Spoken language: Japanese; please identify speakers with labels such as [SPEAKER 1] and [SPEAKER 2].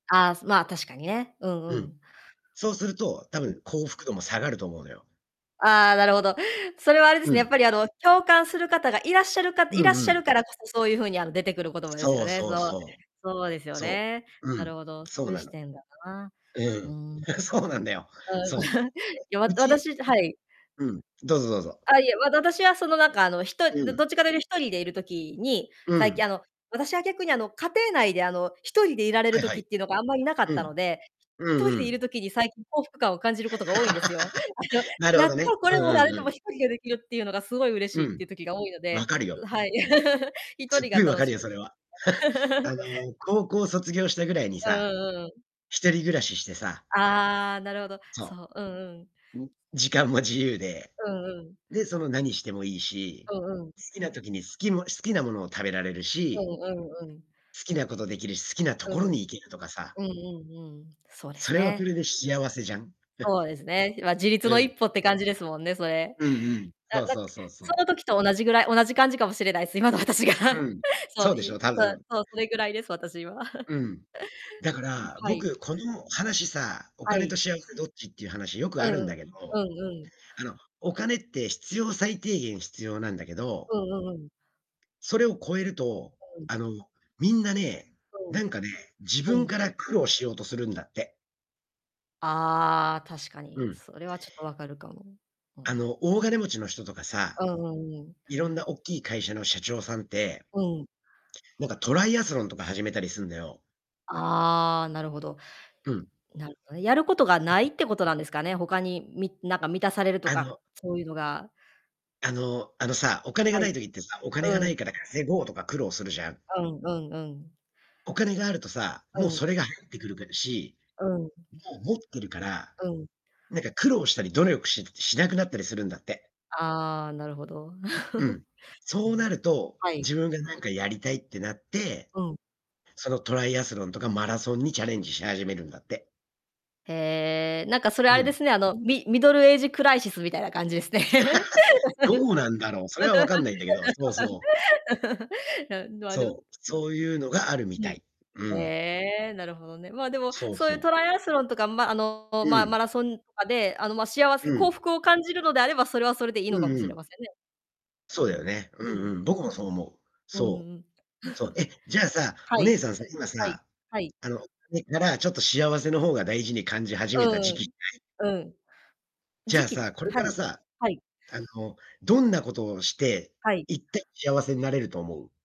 [SPEAKER 1] ああ、すまあ、確かにね。うんう
[SPEAKER 2] うん。
[SPEAKER 1] ん。
[SPEAKER 2] そうすると、多
[SPEAKER 1] うん。
[SPEAKER 2] 分、幸福度も下がると思うのよ。
[SPEAKER 1] ああ、なるほど。それはあれで
[SPEAKER 2] う
[SPEAKER 1] すね、やっ
[SPEAKER 2] ん。
[SPEAKER 1] ぱり、あの、共感する方がいらっしゃるか
[SPEAKER 2] う
[SPEAKER 1] いらっ
[SPEAKER 2] んう
[SPEAKER 1] しゃ
[SPEAKER 2] ん。
[SPEAKER 1] るからこそ、そういう風に、あの、出てくる言葉ですよ
[SPEAKER 2] そう
[SPEAKER 1] ね、
[SPEAKER 2] そう
[SPEAKER 1] そう。
[SPEAKER 2] そう。
[SPEAKER 1] そうですよ
[SPEAKER 2] そ
[SPEAKER 1] ね。
[SPEAKER 2] う、う
[SPEAKER 1] なる
[SPEAKER 2] ん、
[SPEAKER 1] ほど、そ
[SPEAKER 2] そ
[SPEAKER 1] う
[SPEAKER 2] う
[SPEAKER 1] いう
[SPEAKER 2] な
[SPEAKER 1] 視
[SPEAKER 2] の。
[SPEAKER 1] 点だな。
[SPEAKER 2] ええ、う
[SPEAKER 1] うー
[SPEAKER 2] ん。
[SPEAKER 1] ん。うん。
[SPEAKER 2] そうなんだよ。そ
[SPEAKER 1] いや、
[SPEAKER 2] う。
[SPEAKER 1] わ
[SPEAKER 2] うち
[SPEAKER 1] 私じはい。
[SPEAKER 2] うん、どうぞどうぞ。
[SPEAKER 1] あ、いえ、わだだしはその、なんか、あの、ひと
[SPEAKER 2] う
[SPEAKER 1] るど
[SPEAKER 2] ん。
[SPEAKER 1] どっちかっている一人でいる時に、
[SPEAKER 2] う
[SPEAKER 1] 最近、
[SPEAKER 2] ん。
[SPEAKER 1] あの、私は逆に、あの、家庭内で、あの、一人でいられ
[SPEAKER 2] は
[SPEAKER 1] る
[SPEAKER 2] いは
[SPEAKER 1] 時っ
[SPEAKER 2] い。
[SPEAKER 1] ていうのがあんまりなか
[SPEAKER 2] う
[SPEAKER 1] ったの
[SPEAKER 2] ん。
[SPEAKER 1] で、
[SPEAKER 2] うん
[SPEAKER 1] とり
[SPEAKER 2] う
[SPEAKER 1] でいる
[SPEAKER 2] ん。
[SPEAKER 1] 時に最近幸福感を感じる事が多いんですよ。あの、
[SPEAKER 2] なるほ
[SPEAKER 1] やっ
[SPEAKER 2] どね。
[SPEAKER 1] とこ
[SPEAKER 2] う
[SPEAKER 1] れ
[SPEAKER 2] んう
[SPEAKER 1] も
[SPEAKER 2] ん
[SPEAKER 1] 誰
[SPEAKER 2] う
[SPEAKER 1] とも
[SPEAKER 2] ん。
[SPEAKER 1] 一人でできるっていうのが、すごい嬉
[SPEAKER 2] う
[SPEAKER 1] しいっ
[SPEAKER 2] ん、
[SPEAKER 1] ていう時が多いの
[SPEAKER 2] わ
[SPEAKER 1] で、
[SPEAKER 2] かるよ。
[SPEAKER 1] うはい。一
[SPEAKER 2] つっ
[SPEAKER 1] 人
[SPEAKER 2] ご
[SPEAKER 1] が
[SPEAKER 2] いわ
[SPEAKER 1] 楽
[SPEAKER 2] かる
[SPEAKER 1] し
[SPEAKER 2] よ、
[SPEAKER 1] い。
[SPEAKER 2] それは。あ の、高校卒業したぐらいに
[SPEAKER 1] うん
[SPEAKER 2] さ、
[SPEAKER 1] うんうんうん。
[SPEAKER 2] 一人暮らししてさ
[SPEAKER 1] ああ、なるほど。そ
[SPEAKER 2] そ
[SPEAKER 1] う、うんうん。
[SPEAKER 2] う。うん、時間も自由で。
[SPEAKER 1] うんうん。
[SPEAKER 2] で、その何してもいいし
[SPEAKER 1] うんうん。
[SPEAKER 2] 好きな時に好きも好きなものを食べられる
[SPEAKER 1] う
[SPEAKER 2] し
[SPEAKER 1] んうんうん。
[SPEAKER 2] 好きなことできるし、好きなと
[SPEAKER 1] う
[SPEAKER 2] こ
[SPEAKER 1] ん。
[SPEAKER 2] ろに行けるとかさ。
[SPEAKER 1] うんうんうん、そうで
[SPEAKER 2] そ
[SPEAKER 1] す
[SPEAKER 2] れはそ
[SPEAKER 1] ね。
[SPEAKER 2] れでひあわせじゃん。
[SPEAKER 1] そうですね。今、自立
[SPEAKER 2] う
[SPEAKER 1] の一
[SPEAKER 2] ん。
[SPEAKER 1] 歩って感じですもんね、それ。
[SPEAKER 2] うんうん。
[SPEAKER 1] あ、
[SPEAKER 2] そう
[SPEAKER 1] なん
[SPEAKER 2] そうそうそ
[SPEAKER 1] そ
[SPEAKER 2] う。
[SPEAKER 1] の時と同じぐらい、同じ感じかもしれないっす、今の私が。
[SPEAKER 2] う ん。
[SPEAKER 1] そ
[SPEAKER 2] そ
[SPEAKER 1] う
[SPEAKER 2] うで
[SPEAKER 1] い
[SPEAKER 2] しょ
[SPEAKER 1] う、
[SPEAKER 2] う、多
[SPEAKER 1] そう、
[SPEAKER 2] 分。
[SPEAKER 1] そう、それぐらいです、私は。
[SPEAKER 2] うん。だか
[SPEAKER 1] うん、
[SPEAKER 2] ら、
[SPEAKER 1] はい。
[SPEAKER 2] 僕、この話さ、お
[SPEAKER 1] は
[SPEAKER 2] 金と
[SPEAKER 1] い。
[SPEAKER 2] 幸せどっちっていう話よく
[SPEAKER 1] う
[SPEAKER 2] あ
[SPEAKER 1] ん
[SPEAKER 2] るん
[SPEAKER 1] う
[SPEAKER 2] だ
[SPEAKER 1] ん。
[SPEAKER 2] け
[SPEAKER 1] う
[SPEAKER 2] ど、
[SPEAKER 1] んうん。
[SPEAKER 2] あの、お金って必要最低限必要なんだけど
[SPEAKER 1] うんうんうん。
[SPEAKER 2] それを超えると、
[SPEAKER 1] うん。
[SPEAKER 2] あの、みんなね、
[SPEAKER 1] うん。
[SPEAKER 2] なんかね、自
[SPEAKER 1] う
[SPEAKER 2] 分か
[SPEAKER 1] ん。
[SPEAKER 2] ら苦労しようとするんだって。
[SPEAKER 1] ああ、確か
[SPEAKER 2] う
[SPEAKER 1] に。
[SPEAKER 2] ん。
[SPEAKER 1] それはちょっと分かるかも。う
[SPEAKER 2] あ
[SPEAKER 1] ん。
[SPEAKER 2] の、大金持ちの人とかさ、
[SPEAKER 1] うんうんうん。
[SPEAKER 2] 色んなおっきい会社の社長さんって
[SPEAKER 1] うん。
[SPEAKER 2] なんか、トライアスロンとか始めたりするんだよ。
[SPEAKER 1] ああ、なるほど。
[SPEAKER 2] うん。
[SPEAKER 1] うなるほどね、やることが無い ってことなんですかね？他にみなんか満たされると
[SPEAKER 2] あ
[SPEAKER 1] か、
[SPEAKER 2] の
[SPEAKER 1] そういうのが。
[SPEAKER 2] あの、あのさ、お金が
[SPEAKER 1] は
[SPEAKER 2] な
[SPEAKER 1] い。
[SPEAKER 2] い時ってさ、お金
[SPEAKER 1] う
[SPEAKER 2] がない
[SPEAKER 1] ん。
[SPEAKER 2] から稼ごうとか苦労するじゃん。
[SPEAKER 1] うんうんうん。
[SPEAKER 2] お金があるとさ、
[SPEAKER 1] う
[SPEAKER 2] もう
[SPEAKER 1] ん。
[SPEAKER 2] それが入ってくるからし、
[SPEAKER 1] うんうん。
[SPEAKER 2] もう持ってるから、
[SPEAKER 1] うん。
[SPEAKER 2] なんか、苦労したり努力ししなくなったりするんだって。
[SPEAKER 1] ああ、なるほど。
[SPEAKER 2] うん。
[SPEAKER 1] う
[SPEAKER 2] そうな
[SPEAKER 1] ん。
[SPEAKER 2] ると、
[SPEAKER 1] はい。
[SPEAKER 2] 自分が何かやりたいってなって、
[SPEAKER 1] うん。
[SPEAKER 2] そのトライアスロンとかマラソンにチャレンジし始めるんだって。
[SPEAKER 1] へえ、なんか、それ、
[SPEAKER 2] う
[SPEAKER 1] あれで
[SPEAKER 2] ん。
[SPEAKER 1] すね、あの、ミミドルエイジクライシスみたいな感じですね。
[SPEAKER 2] どうなんだろう。それは、わかんないんだけど。そうそう。
[SPEAKER 1] いや、あ、でも
[SPEAKER 2] そう。そういうのがあるみ
[SPEAKER 1] う
[SPEAKER 2] た
[SPEAKER 1] ん。
[SPEAKER 2] い。うん。
[SPEAKER 1] へえ、なるほどね。まあ、でも、
[SPEAKER 2] そう
[SPEAKER 1] そういう
[SPEAKER 2] そう。
[SPEAKER 1] トライアスロンとか、ま、あの、
[SPEAKER 2] う
[SPEAKER 1] まあ、
[SPEAKER 2] ん。
[SPEAKER 1] マラソンとかで、あの、ま、幸
[SPEAKER 2] う
[SPEAKER 1] せ幸
[SPEAKER 2] ん。
[SPEAKER 1] 福を感じるのであれば、それはそれでいいの
[SPEAKER 2] う
[SPEAKER 1] かも
[SPEAKER 2] んう
[SPEAKER 1] しれ
[SPEAKER 2] ん。
[SPEAKER 1] ませんね。
[SPEAKER 2] そう
[SPEAKER 1] う
[SPEAKER 2] だ
[SPEAKER 1] ん。
[SPEAKER 2] よね。う
[SPEAKER 1] う
[SPEAKER 2] ん
[SPEAKER 1] ん。
[SPEAKER 2] うん。僕もそう思う。
[SPEAKER 1] ううう
[SPEAKER 2] そう。
[SPEAKER 1] ん。
[SPEAKER 2] そう。え、じゃあさ、
[SPEAKER 1] は
[SPEAKER 2] お
[SPEAKER 1] い。
[SPEAKER 2] 姉さんさ、今
[SPEAKER 1] はい。
[SPEAKER 2] さ、
[SPEAKER 1] はい。
[SPEAKER 2] あの、それからちょっと幸せの方が大事に感じ始めた時
[SPEAKER 1] う
[SPEAKER 2] 期
[SPEAKER 1] ーん。
[SPEAKER 2] ない？
[SPEAKER 1] うん。
[SPEAKER 2] じゃ
[SPEAKER 1] 時
[SPEAKER 2] あ
[SPEAKER 1] 期？
[SPEAKER 2] さ、これ
[SPEAKER 1] は
[SPEAKER 2] か
[SPEAKER 1] い、
[SPEAKER 2] らさ、
[SPEAKER 1] はい。
[SPEAKER 2] あの、どんなことをして
[SPEAKER 1] はい。
[SPEAKER 2] 一体幸せになれると思う？